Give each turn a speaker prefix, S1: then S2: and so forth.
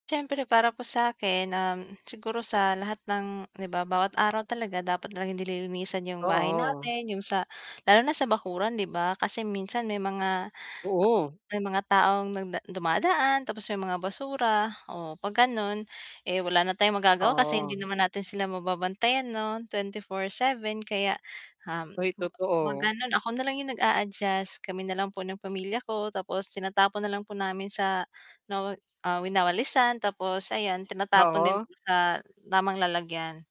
S1: Siyempre para po sa'kin, um, siguro sa lahat ng 'di ba, bawat araw talaga dapat lang nililinisan 'yung bahay
S2: Oo.
S1: natin, 'yung sa lalo na sa bakuran 'di ba? Kasi minsan may mga ah,
S2: Oo.
S1: may mga taong nagda dumadaan, tapos may mga basura, o 'pag gano'n, eh, wala na tayong magagawa kasi hindi
S2: Oo.
S1: naman natin sila mababantayan 'no, 24/7. Kaya, um,
S2: Ay,
S1: hmm, 'pag
S2: totoo.
S1: gano'n ako nalang 'yung nag-a-adjust, kami nalang po ng pamilya ko. Tapos tinatapon nalang po namin sa nawa ah, winawalisan tapos ayan tinatapon din
S2: Oo.
S1: po sa tamang lalagyan.